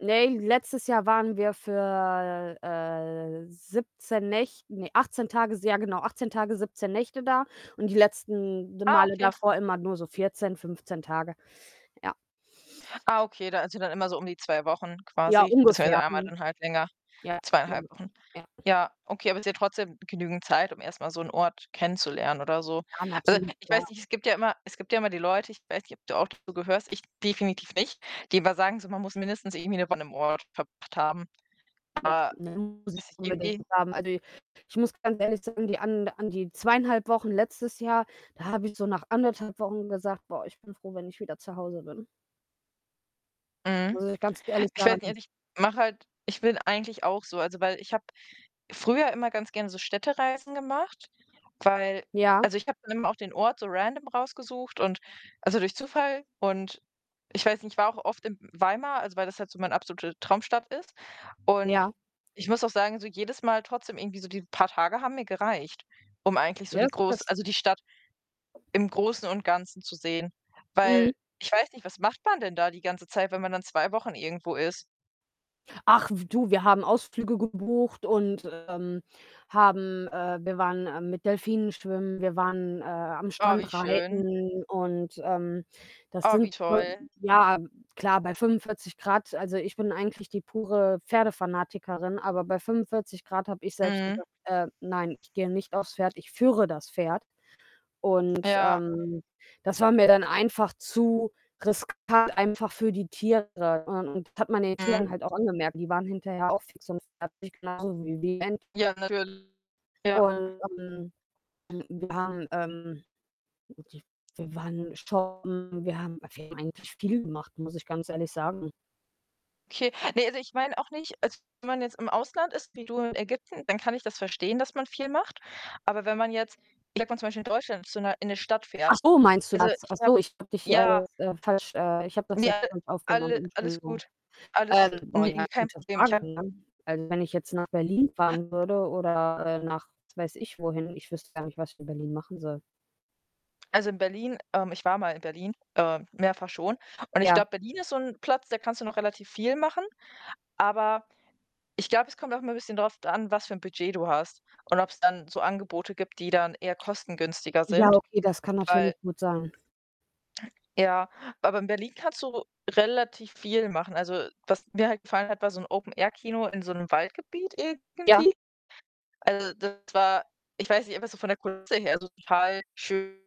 Ne, letztes Jahr waren wir für, äh, 17 Näch ne, 18 Tage, s ja genau, 18 Tage, 17 Nächte da und die letzten d Ah, Male okay. davor immer nur so 14, 15 Tage. Ja. Ah, okay, also, dann immer so um die 2 Wochen Ja, quasi, beziehungsweise ungefähr. einmal Mhm. dann halt länger, Ja. 2 1/2 [unintelligible] Wochen. Ja. Ja, okay, aber ist ja trotzdem genügend Zeit, um erst mal so 'n Ort kennenzulernen oder so. Ja, Also, natürlich, ich klar. weiß nicht, es gibt ja immer es gibt ja immer die Leute, ich weiß nicht, ob du auch dazu gehörst, ich definitiv nicht, die immer sagen so, man muss mindestens irgendwie ne Woche an 'nem Ort verbracht haben. Aber, [unintelligible] Muss ich ist unbedingt irgendwie haben. Also, i ich muss ganz ehrlich sagen, die an an die 2 1/2 Wochen letztes Jahr, da habe ich so nach 1 1/2 Wochen gesagt: „Boah, ich bin froh, wenn ich wieder zu Hause bin.“ Mhm. Muss ich ganz ehrlich Ich weiß nicht, sagen. also, ich mache halt ich bin eigentlich auch so. Also, weil ich habe früher immer ganz gern so Städtereisen gemacht, weil Ja. also, ich habe dann eben auch den Ort so Random rausgesucht und also, durch Zufall und ich weiß nicht, ich war auch oft in Weimar, also weil das halt so meine absolute Traumstadt ist und Ja. ich muss auch sagen, so jedes Mal trotzdem irgendwie so die paar Tage haben mir gereicht, um eigentlich so die groß [unintelligible] also, die Stadt im Großen und Ganzen zu sehen. Weil Mhm. ich weiß nicht, was macht man denn da die ganze Zeit, wenn man dann 2 Wochen irgendwo ist? Ach, pft, du, wir haben Ausflüge gebucht und, ähm, haben äh, wir waren, äh, mit Delfinen schwimmen, wir waren, äh, am Oh, wie Strand schön. reiten und, ähm, das Oh, sind wie toll. schon ja, klar, bei 45 C also, ich bin eigentlich die pure Pferdefanatikerin, aber bei 45 C habe ich selbst Mhm. gesagt: „Äh, nein, ich gehe nicht aufs Pferd, ich führe das Pferd.“ Und, Ja. ähm, das war mir dann einfach zu riskant einfach für die Tiere und [unintelligible] hat man den Mhm. Tieren halt auch angemerkt. Die waren hinterher auch fix und fertig, genauso wie die Men Ja, natürl ja. Und, ähm, wir haben, ähm wir wir waren shoppen, wir haben wir haben eigentlich viel gemacht, muss ich ganz ehrlich sagen. Okay. Ne, also ich meine auch nicht also, wenn man jetzt im Ausland ist wie du in Ägypten, dann kann ich das verstehen, dass man viel macht. Aber wenn man jetzt, ich sag mal zum Beispiel in Deutschland zu 'ner in 'ne Stadt Ach fährt, so, meinst du also, das? ich Ach habe so, ich habe dich ja hier, äh, jetzt falsch, äh ich habe das Ne, jetzt alle nicht aufgenommen, alle alles Entschuldigung. gut. Alles Ähm, boah, ne, ja, [unintelligible] kein gute Problem. Ich Frage, habe ne? Also, wenn ich jetzt nach Berlin fahren würde oder, äh, nach, was weiß ich wohin, ich wüsste gar nicht, was ich in Berlin machen soll. Also, in Berlin, ähm ich war mal in Berlin äh, mehrfach schon und ich Ja. glaube, Berlin ist so 'n Platz, da kannst du noch relativ viel machen. Aber ich glaube, es kommt auch immer 'n bisschen drauf d an, was für 'n Budget du hast und ob's dann so Angebote gibt, die dann eher kostengünstiger Ja, sind. okay, das kann Weil natürlich gut sein. Ja, aber in Berlin kannst du relativ viel machen. Also, was mir halt gefallen hat, war so 'n Open Air Kino in so 'nem Waldgebiet Ja. irgendwie. Also, das war ich weiß nicht, einfach so von der Kulisse her, also, total schön.